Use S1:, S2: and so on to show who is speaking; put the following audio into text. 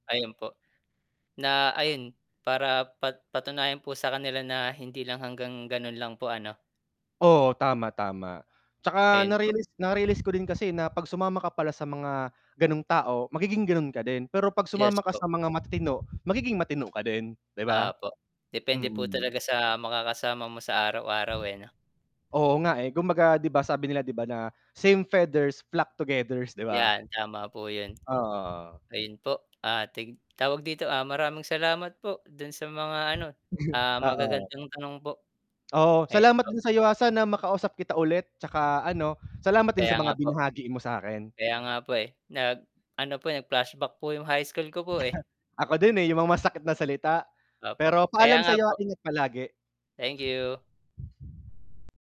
S1: Ayun po, na ayun, para pat patunayan po sa kanila na hindi lang hanggang ganun lang po ano.
S2: Oo tama, tama. 'Tsaka
S1: Ayun po.
S2: na-realize na-realize ko din kasi na 'pag sumama ka pala sa mga ganung tao, magiging ganun ka din, pero 'pag
S1: Yes
S2: sumama ka
S1: po.
S2: sa mga matitino, magiging matino ka din, 'di ba?
S1: Opo, depende po
S2: Mm.
S1: talaga sa makakasama mo sa araw-araw, eh, 'no?
S2: Oo nga eh, kumbaga 'di ba sabi nila 'di ba na, Same feathers flock togethers, 'di ba?
S1: 'Yan tama po 'yun.
S2: Oo, oo.
S1: Ayun po, ah, tig tawag dito, ah, maraming salamat po dun sa mga ano,
S2: [unintelligible]
S1: ah,
S2: Oo.
S1: magagandang tanong po.
S2: Oo,
S1: Ayun
S2: salamat
S1: po.
S2: din sa'yo, ah, sana makausap kita ulit 'tsaka ano, salamat din
S1: Kaya
S2: sa
S1: nga
S2: mga
S1: po.
S2: binahagi mo sa 'kin.
S1: Kaya nga po, eh. Nag ano po, nag flashback po 'yung high school ko po, eh.
S2: Ako din, eh, 'yung mga masakit na salita.
S1: Opo,
S2: Pero
S1: kaya
S2: paalam
S1: nga
S2: sa'yo at
S1: po.
S2: ingat palagi.
S1: Thank you!